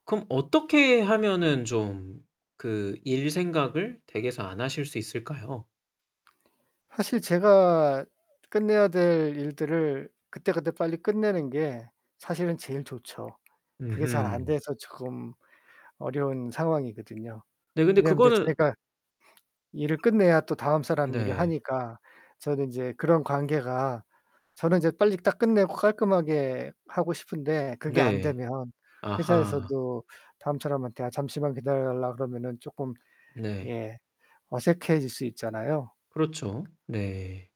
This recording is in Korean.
그럼 어떻게 하면은 좀 그 일 생각을 댁에서 안 하실 수 있을까요? 사실 제가 끝내야 될 일들을 그때그때 빨리 끝내는 게 사실은 제일 좋죠. 그게 잘 안 음흠. 돼서 조금 어려운 상황이거든요. 네, 근데 왜냐면 인제 그거는 제가 일을 끝내야 또 다음 사람이 일을 네. 하니까 저는 인제 그런 관계가 저는 이제 빨리 딱 끝내고 깔끔하게 하고 싶은데 그게 안 네. 되면 아하. 회사에서도 다음 사람한테 아 잠시만 기다려 달라 그러면은 쪼끔 네. 예 어색해질 수 있잖아요. 그렇죠. 네.